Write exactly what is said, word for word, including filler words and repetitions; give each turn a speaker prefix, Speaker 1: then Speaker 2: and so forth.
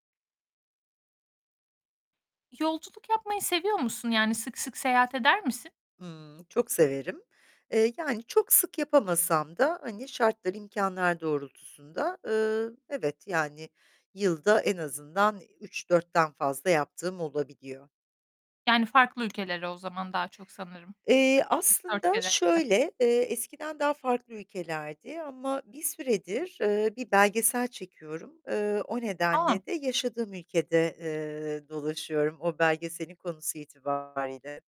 Speaker 1: Yolculuk yapmayı seviyor musun? Yani, sık sık seyahat eder misin?
Speaker 2: Imm, çok severim. Eee, yani, çok sık yapamasam da hani şartlar, imkânlar doğrultusunda, ııı, evet, yani yılda en azından üç dörtten fazla yaptığım olabiliyor.
Speaker 1: Yani, farklı ülkelere o zaman daha çok sanırım.
Speaker 2: Eee,
Speaker 1: üç dört
Speaker 2: aslında
Speaker 1: kere.
Speaker 2: şöyle: Eee, eskiden daha farklı ülkelerdi ama bir süredir, ııı, bir belgesel çekiyorum. Iıı, o
Speaker 1: A!
Speaker 2: nedenle de yaşadığım ülkede, eee, dolaşıyorum o belgeselin konusu itibariyle.